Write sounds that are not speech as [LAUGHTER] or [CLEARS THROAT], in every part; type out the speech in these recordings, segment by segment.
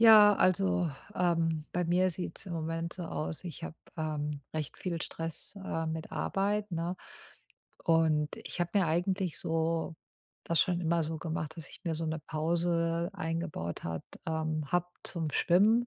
Ja, also, ähm, bei mir sieht's im Moment so aus, ich habe, ähm, recht viel Stress, äh, mit Arbeit, ne? Und ich habe mir eigentlich so das schon immer so gemacht, dass ich mir so 'ne Pause eingebaut hat ähm, habe zum Schwimmen,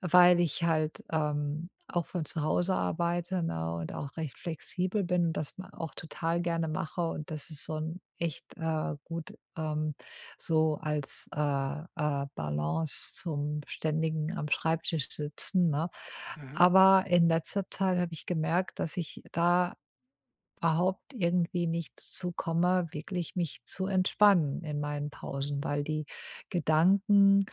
weil ich halt, ähm, auch von zu Hause arbeite, ne, und auch recht flexibel bin und das ma auch total gerne mache und das ist so 'n echt äh, gut, ähm, so als, äh, äh, Balance zum ständigen Am-Schreibtisch-Sitzen, ne? Mhm. Aber in letzter Zeit habe ich gemerkt, dass ich da überhaupt irgendwie nicht zu komme, wirklich mich zu entspannen in meinen Pausen, weil die Gedanken,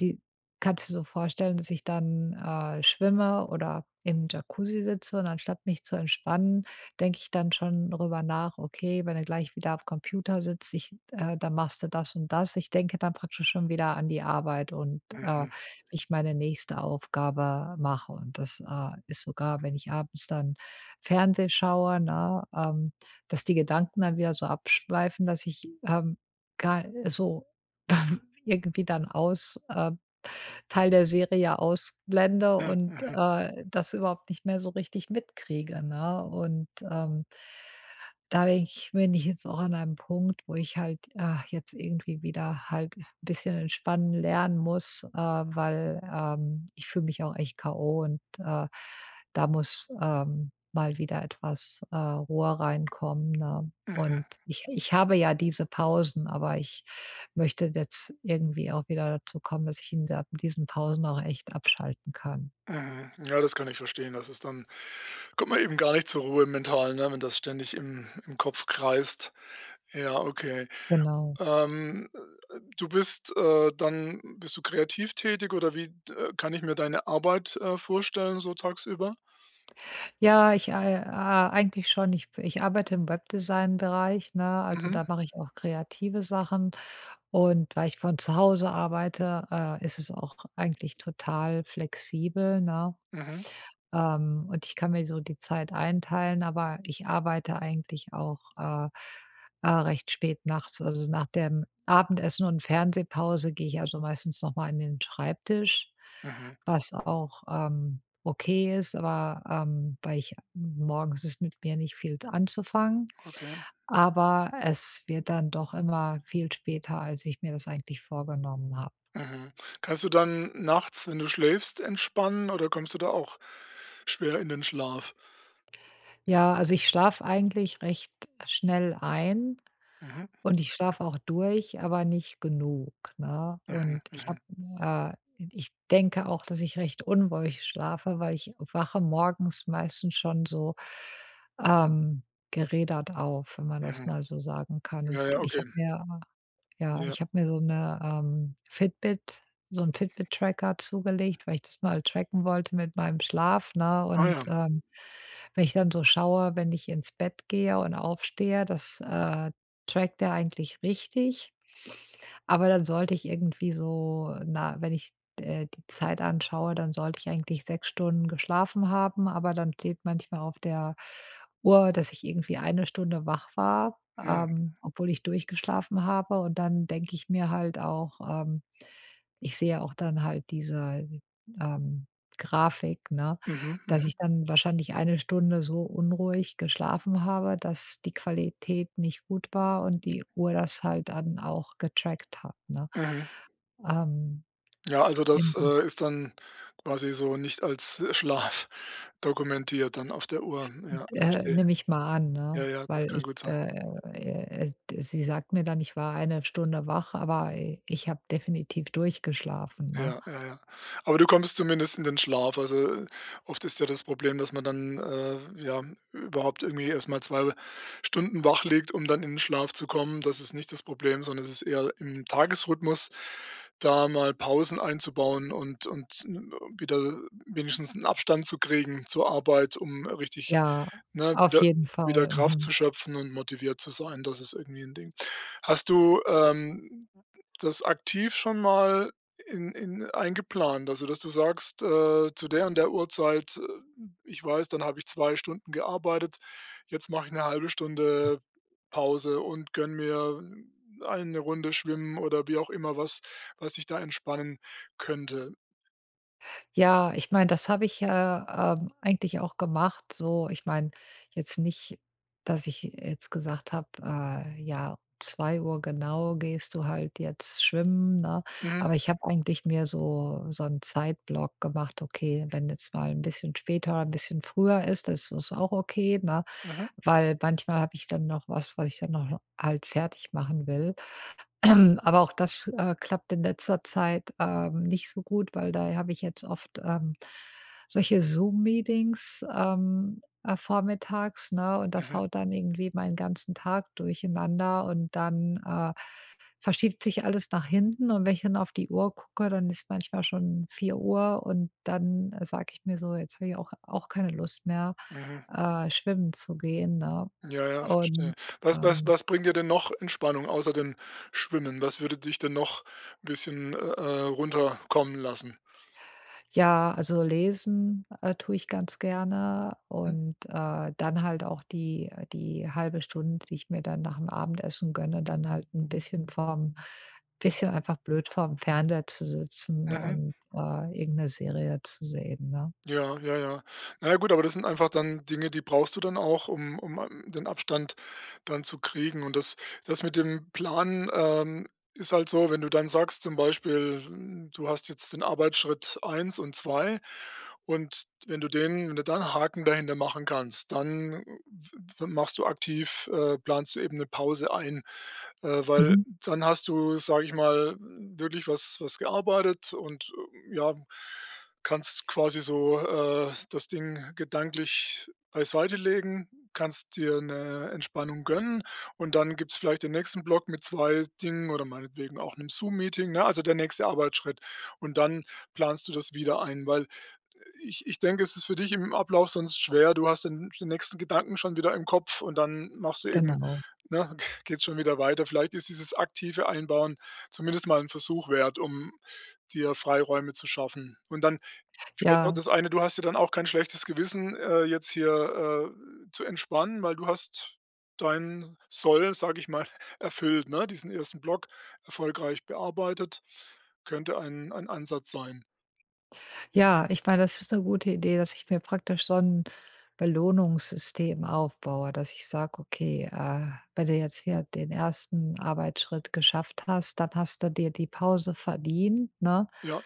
die kannst dir so vorstellen, dass ich dann, äh, schwimme oder im Jacuzzi sitze und anstatt mich zu entspannen, denke ich dann schon darüber nach: „Okay, wenn du gleich wieder am Computer sitzt, ich äh, dann machst du das und das.“ Ich denke dann praktisch schon wieder an die Arbeit und, äh, Mhm. wie ich meine nächste Aufgabe mache. Und das, äh, ist sogar, wenn ich abends dann Fernsehen schaue, ne, ähm, dass die Gedanken dann wieder so abschweifen, dass ich, ähm, ga so, ähm, irgendwie dann aus äh, Teil der Serie ausblende Oh, und, mhm. äh, das überhaupt nicht mehr so richtig mitkriege, ne? Und, ähm da bin ich bin ich jetzt auch an einem Punkt, wo ich halt, äh, jetzt irgendwie wieder halt 'n bisschen entspannen lernen muss, äh, weil, ähm, ich fühle mich auch echt K. o. und, äh, da muss, ähm, mal wieder etwas, äh, Ruhe reinkommen, ne? Mhm. Und ich ich habe ja diese Pausen, aber ich möchte jetzt irgendwie auch wieder dazu kommen, dass ich in der in diesen Pausen auch echt abschalten kann. Mhm. Ja, das kann ich verstehen. Das ist dann kommt man eben gar nicht zur Ruhe, mental, ne, wenn das ständig im im Kopf kreist. Ja, okay. Genau. Ähm, äh, äh, du bist äh, dann bist du kreativ tätig oder wie d äh, kann ich mir deine Arbeit, äh, vorstellen, so tagsüber? Ja, ich, äh, äh, eigentlich schon. Ich b ich arbeite im Webdesign-Bereich, ne? Also, Mhm. da mache ich auch kreative Sachen und weil ich von zu Hause arbeite, äh, ist es auch eigentlich total flexibel, ne? Mhm. Ähm, und ich kann mir so die Zeit einteilen, aber ich arbeite eigentlich auch, äh, äh, recht spät nachts, also nach dem Abendessen und Fernsehpause gehe ich also meistens nochmal an den Schreibtisch, Mhm. was auch, ähm, okay ist, aber, ähm, weil ich morgens ist mit mir nicht viel anzufangen. Okay. Aber es wird dann doch immer viel später, als ich mir das eigentlich vorgenommen habe. Mhm. Kannst du dann nachts, wenn du schläfst, entspannen oder kommst du da auch schwer in den Schlaf? Ja, also ich schlafe eigentlich recht schnell ein Mhm. und ich schlafe auch durch, aber nicht genug, ne? Mhm, Und ich mhm. habe äh, ich denke auch, dass ich recht unruhig schlafe, weil ich wache morgens meistens schon so, ähm, gerädert auf, wenn man das Mhm. mal so sagen kann. Und Ja, ja, ich okay. habe mir ja, Ja. ich habe mir so 'ne, ähm, Fitbit so 'n Fitbit-Tracker zugelegt, weil ich das mal tracken wollte mit meinem Schlaf, ne, Ah, und, ja. ähm, wenn ich dann so schaue, wenn ich ins Bett gehe und aufstehe, das, äh, trackt der eigentlich richtig. Aber dann sollte ich irgendwie so, na, wenn ich, äh, die Zeit anschaue, dann sollte ich eigentlich 6 Stunden geschlafen haben, aber dann steht manchmal auf der Uhr, dass ich irgendwie 1 Stunde wach war, Hm. ähm, obwohl ich durchgeschlafen habe, und dann denke ich mir halt auch ähm, ich sehe auch dann halt diese, ähm, Grafik, ne? Mhm, Dass mhm. ich dann wahrscheinlich 1 Stunde so unruhig geschlafen habe, dass die Qualität nicht gut war und die Uhr das halt dann auch getrackt hat, ne? Mhm. Ähm. Ja, also das, Inso äh, ist dann quasi so nicht als Schlaf dokumentiert dann auf der Uhr. N Ja, d äh, verstehe. nehme ich mal an, Ja, ne? ja, das Weil kann ich, gut sein. äh, äh, äh, äh, sie sagt mir dann: „Ich war 1 Stunde wach.”, aber, äh, ich habe definitiv durchgeschlafen, ne? Ja, ja, ja. Aber du kommst zumindest in den Schlaf. Also, äh, oft ist ja das Problem, dass man dann, äh, ja, überhaupt irgendwie erstmal 2 Stunden wach liegt, um dann in 'n Schlaf zu kommen. Das ist nicht das Problem, sondern es ist eher im Tagesrhythmus, da mal Pausen einzubauen und und, äh, wieder wenigstens 'n Abstand zu kriegen zur Arbeit, um richtig, Ja, ne, auf wieder jeden wieder Fall. Kraft Mhm. zu schöpfen und motiviert zu sein, das ist irgendwie 'n Ding. Hast du, ähm, das aktiv schon mal i in in eingeplant? Also, dass du sagst, äh: „Zu der und der Uhrzeit, äh, ich weiß, dann habe ich 2 Stunden gearbeitet. Jetzt mache ich 'ne 1/2 Stunde Pause und gönne mir 1 Runde schwimmen.” oder wie auch immer was, was dich da entspannen könnte. Ja, ich meine, das habe ich, äh, ähm, eigentlich auch gemacht so. Ich meine jetzt nicht, dass ich jetzt gesagt habe, äh: „Ja, 2 genau gehst du halt jetzt schwimmen”, ne? Mhm. Aber ich habe eigentlich mir so so 'n Zeitblock gemacht. Okay, wenn jetzt mal 'n bisschen später 'n bisschen früher ist, dann ist das auch okay, ne? Mhm. Weil manchmal habe ich dann noch was, was ich dann noch halt fertig machen will. [CLEARS THROAT] Aber auch das, äh, klappt in letzter Zeit, ähm, nicht so gut, weil da habe ich jetzt oft, ähm, solche Zoom-Meetings, ähm, äh, vormittags, ne? Und das Mhm. haut dann irgendwie meinen ganzen Tag durcheinander und dann, äh, verschiebt sich alles nach hinten und wenn ich dann auf die Uhr gucke, dann ist manchmal schon 4:00 und dann sage ich mir so: „Jetzt habe ich auch auch keine Lust mehr, Mhm. äh, schwimmen zu gehen”, ne? Ja, ja, verstehe. Und, Was was ähm was bringt dir denn noch Entspannung, außer dem Schwimmen? Was würde dich denn noch 'n bisschen, äh, äh, runterkommen lassen? Ja, also lesen, äh, tue ich ganz gerne Hm. und, äh, dann halt auch die die 1/2 Stunde, die ich mir dann nachm Abendessen gönne, dann halt 'n bisschen vorm bisschen einfach blöd vorm Fernseher zu sitzen Mhm. und, äh, irgend 'ne Serie zu sehen, ne? Ja, ja, ja. Na ja gut, aber das sind einfach dann Dinge, die brauchst du dann auch, um um, ähm, den Abstand dann zu kriegen. Und das das mit dem Plan, ähm, ist halt so, wenn du dann sagst, zum Beispiel, du hast jetzt den Arbeitsschritt 1 und 2 und wenn du den wenn du da 'n Haken dahinter machen kannst, dann w w machst du aktiv äh, planst du eben 'ne Pause ein, äh, weil Mhm. dann hast du, sage ich mal, wirklich was was gearbeitet und, ja, kannst quasi so, äh, das Ding gedanklich beiseitelegen, kannst dir 'ne Entspannung gönnen und dann gibt's vielleicht den nächsten Block mit 2 Dingen oder meinetwegen auch 'nem Zoom-Meeting, ne, also der nächste Arbeitsschritt. Und dann planst du das wieder ein, weil ich ich denke, es ist für dich im Ablauf sonst schwer. Du hast den den nächsten Gedanken schon wieder im Kopf und dann machst du eben Genau. ne, geht's schon wieder weiter. Vielleicht ist dieses aktive Einbauen zumindest mal 'n Versuch wert, um dir Freiräume zu schaffen. Und dann vielleicht noch Ja. das eine. Du hast ja dann auch kein schlechtes Gewissen, äh, jetzt hier, äh, zu entspannen, weil du hast dein Soll, sage ich mal, erfüllt, ne? Diesen 1. Block erfolgreich bearbeitet. Könnte ein ein Ansatz sein. Ja, ich meine, das ist 'ne gute Idee, dass ich mir praktisch so 'n Belohnungssystem aufbaue, dass ich sage: „Okay, äh, wenn du jetzt hier den 1. Arbeitsschritt geschafft hast, dann hast du dir die Pause verdient.”, ne? Ja.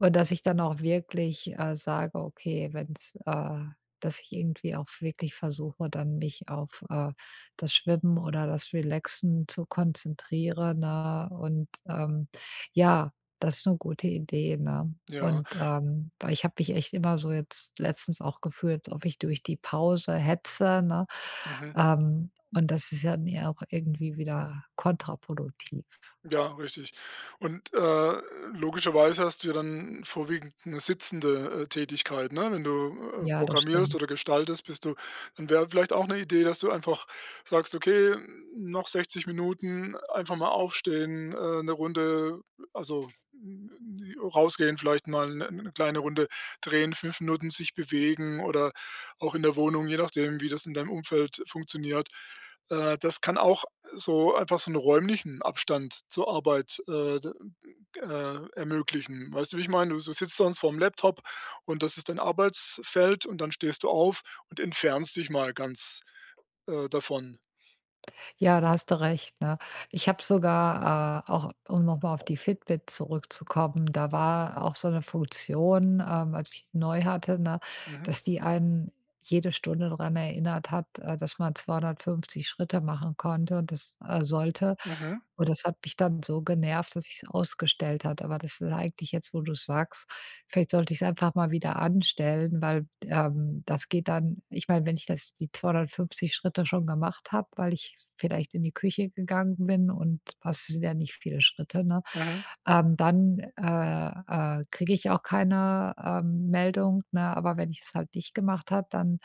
Und dass ich dann auch wirklich, äh, sage: „Okay, wenn's” äh, dass ich irgendwie auch wirklich versuche, dann mich auf, äh, das Schwimmen oder das Relaxen zu konzentrieren, ne, und, ähm, ja, das ist 'ne gute Idee, ne? Ja. Und, ähm, weil ich habe mich echt immer so, jetzt letztens auch, gefühlt, als ob ich durch die Pause hetze, ne? Mhm. Ähm, und das ist ja, ne, auch irgendwie wieder kontraproduktiv. Ja, richtig. Und, äh, logischerweise hast du ja dann vorwiegend 'ne sitzende, äh, Tätigkeit, ne? Wenn du, äh, Ja, das programmierst stimmt. oder gestaltest, bist du dann, wäre vielleicht auch 'ne Idee, dass du einfach sagst: „Okay, noch 60 Minuten, einfach mal aufstehen, äh, 1 Runde, also, hm, hm, äh, rausgehen, vielleicht mal 1- 1 kleine Runde drehen, 5 Minuten sich bewegen oder auch in der Wohnung, je nachdem, wie das in deinem Umfeld funktioniert. Äh, das kann auch so einfach so 'n räumlichen Abstand zur Arbeit, äh, d g äh, ermöglichen. Weißt du, wie ich meine? Du s du sitzt sonst vorm Laptop und das ist dein Arbeitsfeld und dann stehst du auf und entfernst dich mal ganz, äh, davon. Ja, da hast du recht, ne? Ich habe sogar äh, auch, um noch mal auf die Fitbit zurückzukommen, da war auch so 'ne Funktion, ähm, als ich die neu hatte, ne, Mhm. dass die einen jede Stunde dran erinnert hat, äh, dass man 250 Schritte machen konnte und das äh, sollte. Mhm. Und das hat mich dann so genervt, dass ich es ausgestellt hatte. Aber das ist eigentlich jetzt, wo du es sagst vielleicht sollte ich es einfach mal wieder anstellen, weil, d ähm, das geht dann ich meine, wenn ich das die 250 Schritte schon gemacht habe, weil ich vielleicht in die Küche gegangen bin, und das sind ja nicht viele Schritte, ne? Mhm. Ähm, dann, äh, äh, kriege ich auch keine, ähm, Meldung, ne, aber wenn ich es halt nicht gemacht hat, dann,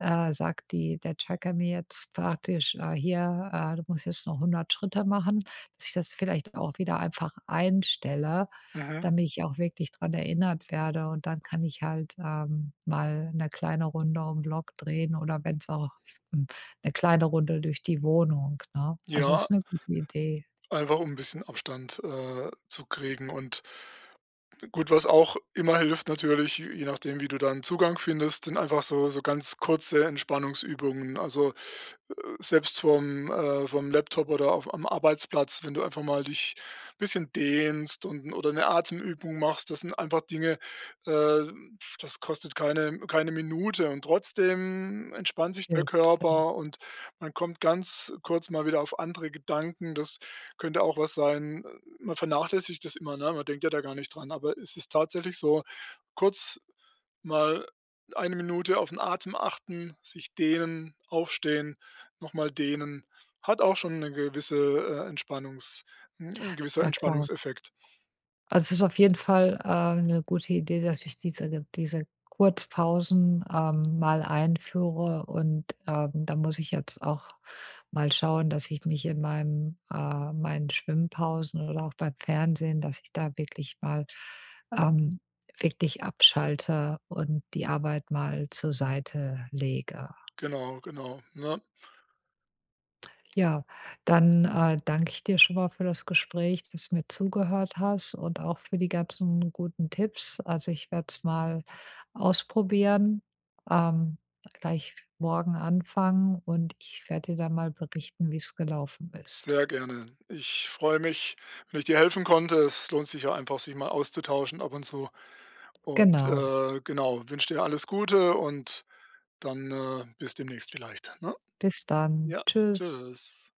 äh, sagt die der Tracker mir jetzt praktisch, äh, hier, äh, „Du musst jetzt noch 100 Schritte machen.” Dass ich das vielleicht auch wieder einfach einstelle, Mhm. damit ich auch wirklich dran erinnert werde, und dann kann ich halt, ähm, mal 'ne kleine Runde um Block drehen oder wenn's auch, hm, 'ne kleine Runde durch die Wohnung, ne? Also, das ist Ja. 'ne gute Idee. Einfach um 'n bisschen Abstand, äh, zu kriegen und gut, was auch immer hilft natürlich, je nachdem, wie du da 'n Zugang findest, sind einfach so so ganz kurze Entspannungsübungen. Also, äh, selbst vorm äh, vorm Laptop oder auf am Arbeitsplatz, wenn du einfach mal dich bisschen dehnst und 'n oder 'ne Atemübung machst. Das sind einfach Dinge, äh, das kostet keine keine Minute und trotzdem entspannt sich der Ja, klar. Körper und man kommt ganz kurz mal wieder auf andere Gedanken. Das könnte auch was sein. Man vernachlässigt das immer, ne, man denkt ja da gar nicht dran, aber es ist tatsächlich so, kurz mal 1 Minute auf 'n Atem achten, sich dehnen, aufstehen, nochmal dehnen, hat auch schon 'ne gewisse, äh, Entspannungs 'n 'n gewisser Ja klar. Entspannungseffekt. Also, es ist auf jeden Fall, ähm, 'ne gute Idee, dass ich diese ge diese Kurzpausen, ähm, mal einführe und, ähm, da muss ich jetzt auch mal schauen, dass ich mich in meinem äh, meinen Schwimmpausen oder auch beim Fernsehen, dass ich da wirklich mal, ähm, wirklich abschalte und die Arbeit mal zur Seite lege. Genau, genau, ne? Ja, dann, äh, danke ich dir schon mal für das Gespräch, dass du mir zugehört hast und auch für die ganzen guten Tipps. Also, ich werde es mal ausprobieren, ähm, gleich morgen anfangen und ich werde dir da mal berichten, wie' s gelaufen ist. Sehr gerne. Ich freue mich, wenn ich dir helfen konnte. Es lohnt sich ja einfach sich mal auszutauschen ab und zu und, Genau. äh, genau, wünsche dir alles Gute und dann, äh, bis demnächst vielleicht, ne? Bis dann. Ja, Tschüss. Tschüss.